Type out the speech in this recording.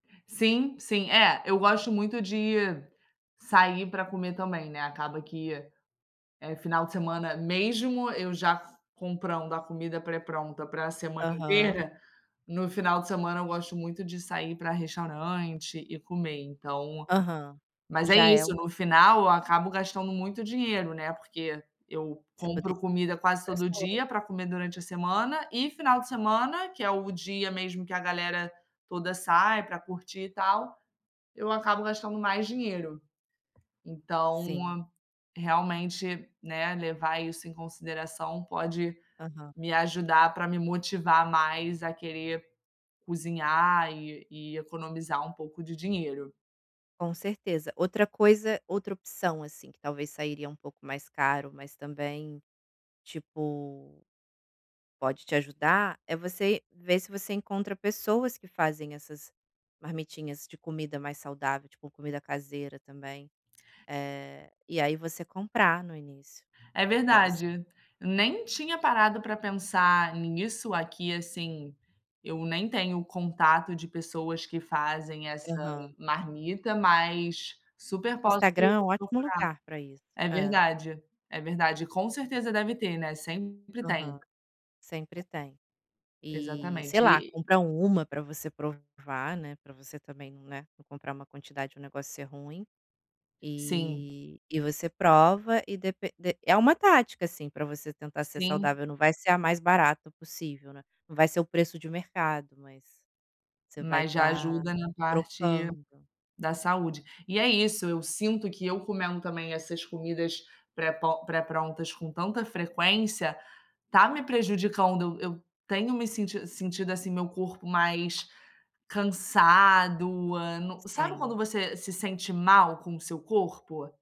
Sim, sim. É, eu gosto muito de sair pra comer também, né, acaba que, eh, final de semana, mesmo eu já f comprando a comida pré-pronta pra semana Aham. inteira, no final de semana eu gosto muito de sair pra restaurante e comer, então Aham. mas é Já é isso, o no final eu acabo gastando muito dinheiro, né, porque eu Você pode compro outras comida quase todo coisa. dia pra comer durante a semana, e final de semana, que é o dia mesmo que a galera toda sai pra curtir e tal, eu acabo gastando mais dinheiro. Então, Sim. realmente, né, levar isso em consideração pode Aham. me ajudar pra me motivar mais a querer cozinhar e e economizar um pouco de dinheiro. Com certeza. Outra coisa outra opção, assim, que talvez sairia um pouco mais caro, mas também, tipo, pode te ajudar, é você ver se você encontra pessoas que fazem essas marmitinhas de comida mais saudável, tipo, comida caseira também. Eh, e aí você comprar no início É para você. verdade. Eu nem tinha parado pra pensar nisso aqui, assim. Eu nem tenho contato de pessoas que fazem essa Aham. marmita, mas super posso Instagram é um ótimo procurar. lugar para isso. É É. verdade. É verdade. E com certeza deve ter, né, sempre tem. Aham. Sempre tem. E, sei Exatamente. lá, E compra 1 pra você provar, né, pra você também não, né, não comprar uma quantidade e o negócio ser ruim. Sim. E e você prova, e depe de é uma tática, assim, pra você tentar ser Sim. saudável. Não vai ser a mais barata possível, né. Não vai ser o preço de um mercado, mas você vai Mas já estar ajuda na parte trocando. da saúde. E é isso, eu sinto que eu comendo também essas comidas pré-po pré-prontas com tanta frequência está me prejudicando, eu tenho me senti sentido assim meu corpo mais cansado no sabe quando Sim. você se sente mal com o seu corpo?